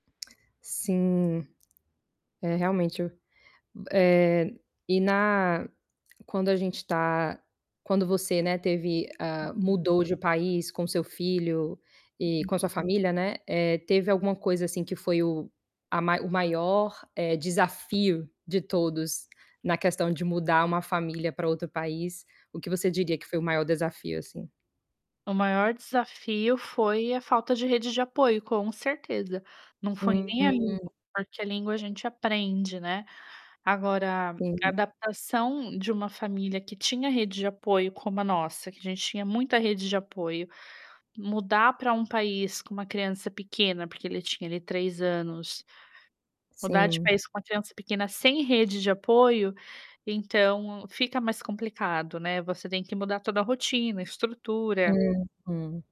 Sim. É, realmente eu eh, e na quando a gente tá quando você, né, teve, ah, Uhum. mudou de país com seu filho e Uhum. com a sua família, né, eh, teve alguma coisa, assim, que foi o a o maior, eh, desafio de todos na questão de mudar uma família pra outro país? O que você diria que foi o maior desafio, assim? O maior desafio foi a falta de rede de apoio, com certeza. Não foi nem a Uhum. língua, porque a língua a gente aprende, né. Agora, a [unintelligible] adaptação de uma família que tinha rede de apoio como a nossa, que a gente tinha muita rede de apoio, mudar pra um país com uma criança pequena, porque ele tinha ali 3 anos, mudar de Sim. país com uma criança pequena, sem rede de apoio, então, fica mais complicado, né, você tem que mudar toda a rotina, a estrutura Uhum.